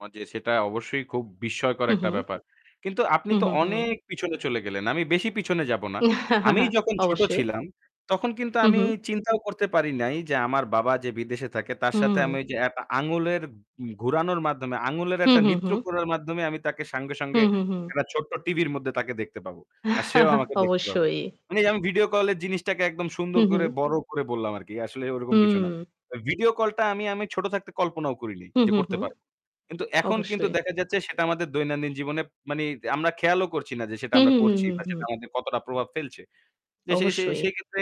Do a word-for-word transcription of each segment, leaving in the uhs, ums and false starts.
[unintelligible] সেটা অবশ্যই খুব বিস্ময়কর হুম, একটা হুম। ব্যাপার। কিন্তু আপনি হুম, তো হু, হুম। অনেক পিছনে চলে গেলেন। আমি বেশি পিছনে যাবো না। আমি যখন ছোট অবশ্যই। ছিলাম তখন কিন্তু হু আমি হুম। চিন্তাও করতে পারি নাই যে আমার বাবা যে বিদেশে থাকে তার সাথে আমি হুম। ওই যে অ্যাপ আঙুলের উম ঘোরানোর মাধ্যমে, আঙুলের হু, একটা হু, নিত্র হু। করার মাধ্যমে আমি তাকে সাঙ্গে, হু, সঙ্গে হু, হু। একটা ছোট্ট টিভির মধ্যে তাকে দেখতে পাবো। আর সেও আমাকে দেখতে পাবে। অবশ্যই। মানে আমি ভিডিও কলের জিনিসটাকে একদম সুন্দর করে মহুম। বড় করে বললাম আরকি। আসলে ওইরকম কিছু না। হুম। তো ভিডিও কলটা আমি আমি ছোট থাকতে কল্পনাও করিনি, হু, যে হু, করতে হু। পারবো। কিন্তু এখন কিন্তু অবশ্যই। দেখা যাচ্ছে সেটা আমাদের দৈনন্দিন জীবনে মানে আমরা খেয়ালও করছি না যে সেটা হুম, আমরা হুম, হুম, করছি হুম, বা সেটা হুম। আমাদের কতটা প্রভাব ফেলছে। যে সে সে অবশ্যই। সেইক্ষেত্রে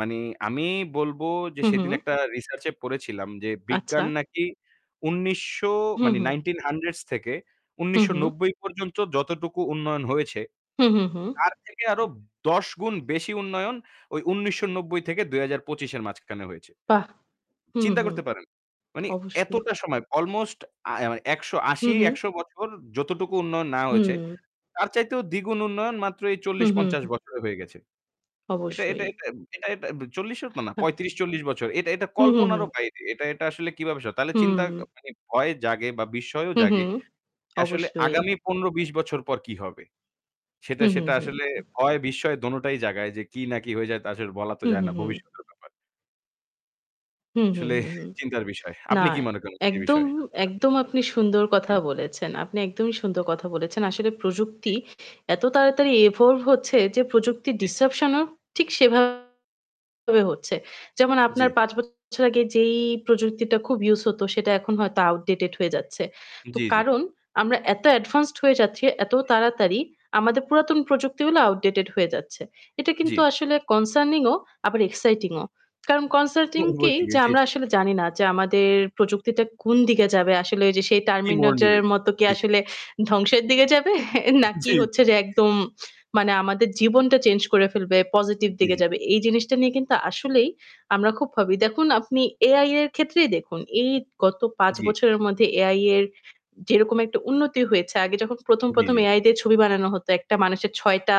মানে আমি বলব যে, হু, সেদিন হুম। একটা রিসার্চে পড়েছিলাম যে আচ্ছা। বিজ্ঞান নাকি উনিশশো হু, মানে হু। nineteen-hundreds থেকে হু, উনিশশো হু। নব্বই পর্যন্ত যতটুকু উন্নয়ন হয়েছে, হু, হু, হু। তার থেকে আরো দশ গুণ বেশি উন্নয়ন ওই উনিশশো নব্বই থেকে দুই হাজার পঁচিশ -এর মাঝখানে হয়েছে। বাহ! হু, হু, চিন্তা হু। করতে পারেন, মানে অবশ্যই। এতটা সময়? অলমোস্ট আ অ মানে একশো আশি হুম, হুম। একশো বছর যতটুকু উন্নয়ন না হয়েছে, হুম। তার চাইতেও দ্বিগুণ উন্নয়ন মাত্র এই হুম, হুম, চল্লিশ-পঞ্চাশ হু। বছরে হয়ে গেছে। এটা এটা অবশ্যই। এটা এটা এটা চল্লিশ -ও তো না, পঁয়ত্রিশ-চল্লিশ বছর। এটা এটা হু, হু, কল্পনারও হু। বাইরে। এটা এটা আসলে কীভাবে স তাহলে চিন্তা ক হুম। মানে ভয় জাগে বা বিস্ময়ও হু, জাগে হুম, যে আসলে অবশ্যই। আগামী পনেরো-বিশ বছর পর কী হবে? সেটা হুম, হুম, সেটা হুম, আসলে হুম। ভয়-বিস্ময় দোনোটাই জাগায় যে কী না কী হয়ে যায়, তা সঠিক বলা তো হুম, যায় হুম, না। হুম। ভবিষ্যতের ব্যাপার। হুম, হুম, আসলে হুম, হুম। চিন্তার বিষয়। না, আপনি কী মনে করেন সে একদম বিষয়ে? একদম আপনি সুন্দর কথা জি। বলেছেন। আপনি একদমই সুন্দর কথা বলেছেন। আসলে জী। প্রযুক্তি এত তাড়াতাড়ি evolve হচ্ছে যে প্রযুক্তির জী, জী। ডিজরাপশন -ও ঠিক সেভাবে হচ্ছে। যেমন, আপনার জী। পাঁচ বছর আগে যেই প্রযুক্তিটা খুব ইউজ হতো, সেটা এখন হয়তো outdated হয়ে যাচ্ছে। তো জী, জী। কারণ আমরা এত অ্যাডভান্সড হয়ে যাচ্ছি এত তাড়াতাড়ি, আমাদের পুরাতন প্রযুক্তিগুলো outdated হয়ে যাচ্ছে। এটা কিন্তু জী। আসলে কনসার্নিংও, আবার এক্সাইটিংও। কারণ কনসার্টিং [unintelligible] কী যে জী, আমরা জী। আসলে জানি না যে আমাদের প্রযুক্তিটা কোন দিকে যাবে। আসলে ওই যে সেই কী মোর 'Terminator' নিবে। এর মতো কি জী, জী। আসলে ধ্বংসের দিকে যাবে? জী, নাকি জী। হচ্ছে যে একদম মানে আমাদের জীবনটা চেঞ্জ করে ফেলবে, পজিটিভ জী, দিকে জী। যাবে। এই জিনিসটা নিয়ে কিন্তু আসলেই আমরা খুব ভাবি। দেখুন, আপনি এআই-এর ক্ষেত্রেই দেখুন। এই গত পাঁচ জী বছরের মধ্যে এআই-এর যেরকম একটা উন্নতি হয়েছে, আগে যখন জী, প্রথম-প্রথম জী। এআই দিয়ে ছবি বানানো হতো, একটা মানুষের ছয়টা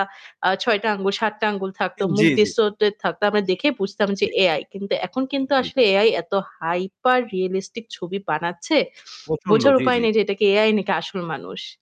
আ ছয়টা আঙুল, সাতটা আঙুল থাকত, মুখ জী, জী। distorted থাকতো। আমরা দেখে বুঝতাম যে জী। এআই, কিন্তু এখন কিন্তু জী। আসলে এআই এত হাইপার রিয়ালিস্টিক ছবি বানাচ্ছে, প্রচন্ড। বোঝার জী, উপায় জী। নেই যে এটা কি এআই নাকি আসল মানুষ।